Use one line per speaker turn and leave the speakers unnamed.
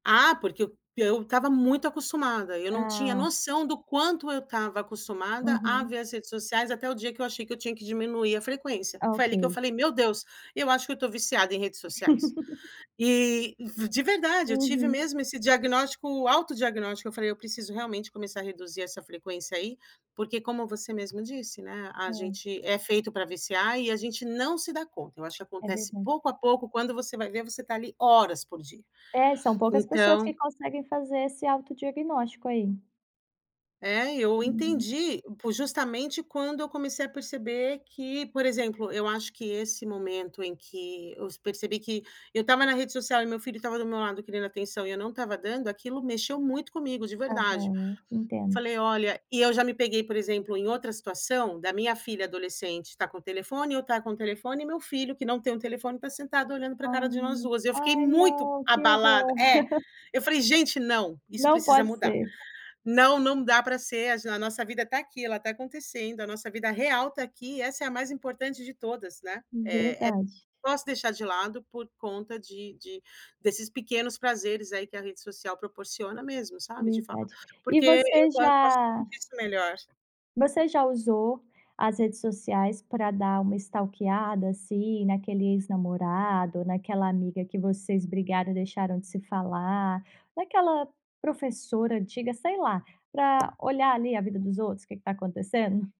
Ah, porque eu eu estava muito acostumada, eu não tinha
Ah.
noção do quanto eu estava acostumada a
Uhum.
ver as redes sociais, até o dia que eu achei que eu tinha que diminuir a frequência. Foi ali que eu
Ok.
falei: "Meu Deus, eu acho que eu tô viciada em redes sociais". E de verdade, eu tive
Uhum.
mesmo esse diagnóstico, autodiagnóstico, eu falei: "Eu preciso realmente começar a reduzir essa frequência aí". Porque como você mesmo disse, né, a
É.
gente é feito pra viciar e a gente não se dá conta. Eu acho que
É
acontece
verdade.
pouco a pouco quando você vai ver você está ali horas por dia,
É, são poucas pessoas que
então
conseguem fazer esse autodiagnóstico aí.
É, eu
Uhum.
entendi justamente quando eu comecei a perceber que, por exemplo, eu acho que esse momento em que eu percebi que eu estava na rede social e meu filho estava do meu lado querendo atenção e eu não estava dando, aquilo mexeu muito comigo, de
Ah,
verdade.
bom, entendo.
Falei olha e eu já me peguei, por exemplo, em outra situação, da minha filha adolescente estar com o telefone, eu estar com telefone, e meu filho que não tem um telefone estar sentado olhando pra cara de nós
Ai,
duas. Eu fiquei
ai
muito
não, que
abalada
horror.
é, eu falei: "Gente, não! Isso
Não
precisa
pode
mudar.
ser.
Não, não dá pra ser, a nossa vida tá aqui, ela tá acontecendo, a nossa vida real tá aqui e essa é a mais importante de todas", né. É é
Verdade.
posso deixar de lado por conta de de desses pequenos prazeres aí que a rede social proporciona mesmo, sabe, de
Verdade,
[unintelligible]
e
porque
você
posso
já
[unintelligible] melhor.
você já usou as redes sociais pra dar uma stalkeada, assim, naquele ex-namorado, naquela amiga que vocês brigaram e deixaram de se falar, naquela professora antiga, sei lá, pra olhar ali a vida dos outros, o que que tá acontecendo?